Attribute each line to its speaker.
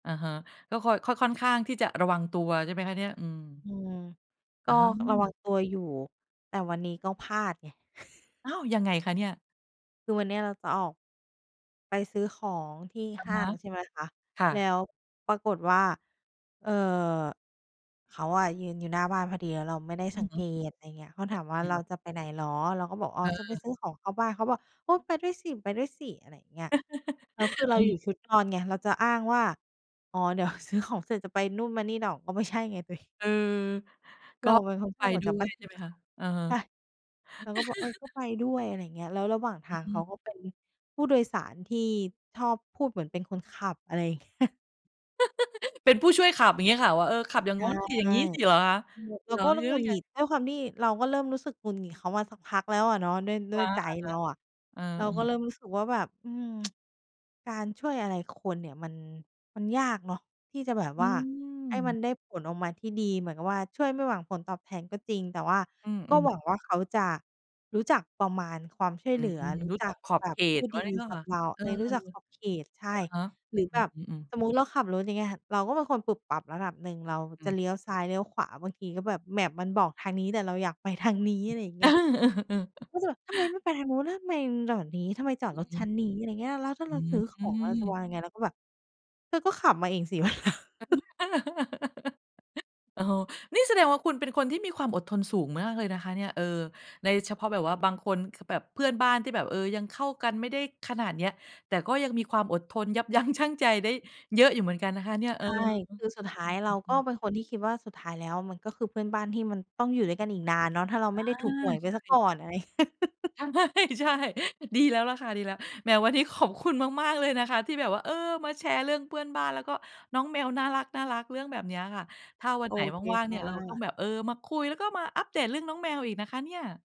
Speaker 1: อะฮะ ก็คอย ค ค่อนข้างที่จะระวังตัว ใช่ไหมคะเนี่ย อืม
Speaker 2: อืม ก
Speaker 1: อ๋อ
Speaker 2: ็ ระวังตัวอยู่ แต่วันนี้ก็พลาดไง
Speaker 1: อ้าว! ยังไงคะเนี่ย?
Speaker 2: คือวันเนี้ยเราจะออก ไปซื้อของที่
Speaker 1: อะ
Speaker 2: ห้
Speaker 1: ฮ
Speaker 2: า
Speaker 1: ะ
Speaker 2: ง ใช่ไหมคะ
Speaker 1: ค่
Speaker 2: แล
Speaker 1: ะ
Speaker 2: ้วปรากฏว่า เอ่อ เขาอะยืนอยู่หน้าบ้านพอดีแล้วเราไม่ได้
Speaker 1: อ
Speaker 2: ส
Speaker 1: ื
Speaker 2: ั
Speaker 1: อ
Speaker 2: ง
Speaker 1: ฮ
Speaker 2: เก
Speaker 1: ึ
Speaker 2: ต อะไรอย่างเงี้ย เขาถามว่า
Speaker 1: อื
Speaker 2: "เรา
Speaker 1: ม
Speaker 2: จะไปไหนเหรอ?" เราก็บอก "อ๋อ
Speaker 1: เ
Speaker 2: จะไป
Speaker 1: ออ
Speaker 2: ซื้อของเข้าบ้าน" เขาบอก "โอ้ ไปด้วยสิ ๆ" อะไรอย่างเงี้ย แล้วคือเราอย
Speaker 1: เออ
Speaker 2: ู่ชุดนอนไง เราจะอ้างว่า อ๋อ เดี๋ยว ซื้อของเสร็จจะไปนู่นมานี่หนอกก็ไม่ใช่ไง ตัวเอง
Speaker 1: เออ
Speaker 2: เราเป็นค
Speaker 1: ก็
Speaker 2: นช
Speaker 1: ไป
Speaker 2: อบออก
Speaker 1: ด้
Speaker 2: จาก
Speaker 1: ว
Speaker 2: บ้
Speaker 1: ย
Speaker 2: าน
Speaker 1: ใช่ไหมคะ อะฮะ
Speaker 2: ใช่ เขาก็บอก "เออ ก็ไปด้วย" อะไรอย่างเงี้ย แล้วระหว่างท
Speaker 1: อื
Speaker 2: า
Speaker 1: อ
Speaker 2: ง
Speaker 1: ฮ
Speaker 2: เขา
Speaker 1: ึ
Speaker 2: ก็เป็นผู้โดยสารที่ชอบพูดเหมือนเป็นคนขับ อะไรอย่าง เงี้ย
Speaker 1: เป็นผู้ช่วยขับ อย่างเงี้ยค่ะ ว่า "เออ ขับอย่าง
Speaker 2: ใ
Speaker 1: โ
Speaker 2: ช
Speaker 1: ง้
Speaker 2: ่
Speaker 1: นสิ อย่างงี้สิ" เหรอ คะ?
Speaker 2: เ
Speaker 1: เ
Speaker 2: ร
Speaker 1: ห
Speaker 2: า
Speaker 1: รอ?
Speaker 2: ก็เริ
Speaker 1: แ
Speaker 2: ่
Speaker 1: ย
Speaker 2: ม
Speaker 1: ้
Speaker 2: หง
Speaker 1: ว
Speaker 2: ุด
Speaker 1: ไ
Speaker 2: ห
Speaker 1: ย?
Speaker 2: งิด ด้วยความที่เราก็เริ่มรู้สึกหงุดหงิดเขามาสักพักแล้วอะเนาะ ด้วย ด
Speaker 1: ค
Speaker 2: ้วย
Speaker 1: ะ
Speaker 2: ใจ
Speaker 1: อะฮะ
Speaker 2: เราอะ
Speaker 1: เออ
Speaker 2: เรา
Speaker 1: อื
Speaker 2: ก็
Speaker 1: ม
Speaker 2: เริ่มรู้สึกว่าแบบ อืม การช่วยอะไรคนเนี่ยมัน มันยากเนาะ ที่จะแบบ
Speaker 1: อื
Speaker 2: ว่าให้มั
Speaker 1: ม
Speaker 2: นได้ผลออกมาที่ดี เหมือนกับว่าช่วยไม่หวังผลตอบแทนก็จริง แต่ว่า
Speaker 1: อื
Speaker 2: ก็
Speaker 1: ม
Speaker 2: ห
Speaker 1: ๆ
Speaker 2: วังว่าเขาจะรู้จักประมาณความช่ว
Speaker 1: อ
Speaker 2: ย
Speaker 1: ื
Speaker 2: เหล
Speaker 1: ม
Speaker 2: ือ รู
Speaker 1: ร
Speaker 2: ้
Speaker 1: ู้
Speaker 2: จ
Speaker 1: จั
Speaker 2: ัก
Speaker 1: กขอบ
Speaker 2: แบ
Speaker 1: เ
Speaker 2: บ
Speaker 1: ข
Speaker 2: ผ
Speaker 1: ต
Speaker 2: ู้ดีกับเรา
Speaker 1: เอ
Speaker 2: เ
Speaker 1: อ
Speaker 2: ฮ้ย รู้จักขอบเขต ใช่
Speaker 1: อะฮะ
Speaker 2: หรือ
Speaker 1: อ
Speaker 2: แ
Speaker 1: ื
Speaker 2: บบ
Speaker 1: ม ๆ
Speaker 2: สมมุติ เราขับรถอย่างเงี้ยค่ะ เราก็เป็นคนปุบปับระดับหนึ่ง เรา
Speaker 1: อื
Speaker 2: จะ
Speaker 1: ม
Speaker 2: เลี้ยวซ้ายเลี้ยวขวาบางทีก็แบบ map มันบอกทางนี้ แต่เราอยากไป ทาง นี้ อะไรอย่างเงี้ย ก็จะแบบ "ทำไมไม่ไปทางนู้น แล้วทำไมมึงหลอดนี้ ทำไมจอด
Speaker 1: อื
Speaker 2: ร
Speaker 1: อ
Speaker 2: ถ
Speaker 1: ฮ
Speaker 2: ช
Speaker 1: ึ
Speaker 2: ั้นนี้?" อะไรเงี้ย "แล้วถ้า
Speaker 1: อ
Speaker 2: เ
Speaker 1: ื
Speaker 2: ราซื้อของเราจะว
Speaker 1: ม
Speaker 2: างยังไง?" เราก็แบบเธอก็ขับมาเองสิ วันหลัง
Speaker 1: โอ้โฮ นี่แสดงว่าคุณเป็นคนที่มีความอดทนสูงมากเลยนะคะเนี่ย เออ ในเฉพาะแบบว่าบางคน คือแบบเพื่อนบ้านที่แบบ เอ่อ ยังเข้ากันไม่ได้ขนาดเนี้ย แต่ก็ยังมีความอดทนยับ ยั้งชั่ง ใจได้เยอะอยู่เหมือนกันนะคะเนี่ย เ
Speaker 2: ใ
Speaker 1: อ
Speaker 2: ช
Speaker 1: อ
Speaker 2: ่
Speaker 1: อ
Speaker 2: คือสุดท้ายเราก
Speaker 1: ื
Speaker 2: ็
Speaker 1: อ ๆ ๆ
Speaker 2: เป็นคนที่คิดว่าสุดท้ายแล้วมัน ก็คือเพื่อนบ้านที่มันต้องอยู่ด้วยกันอีกนานเนาะ ถ้าเรา
Speaker 1: อ
Speaker 2: ไ
Speaker 1: า
Speaker 2: ม่ได้ถูกหวยไ
Speaker 1: ใ
Speaker 2: ป
Speaker 1: ช
Speaker 2: เสีย
Speaker 1: ่
Speaker 2: ก่อน อะไร
Speaker 1: ใช่ ๆ ดีแล้วล่ะค่ะ ดีแล้ว แหมวันนี้ขอบคุณ มาก ๆ เลย นะคะที่แบบว่า เออ มาแชร์เรื่องเพื่อนบ้าน แล้วก็น้อง แมว น่ารัก ๆ เรื่องแบบเนี้ยค่ะ ถ้าวัน
Speaker 2: โอ
Speaker 1: ไหน
Speaker 2: เค
Speaker 1: ว่าง ๆ
Speaker 2: ค
Speaker 1: เนี
Speaker 2: ่
Speaker 1: ่ยเราต้อง
Speaker 2: ะ
Speaker 1: แบบ เออ มาคุย แล้วก็มาอัพเดทเรื่องน้องแมวอีกนะคะเนี้ย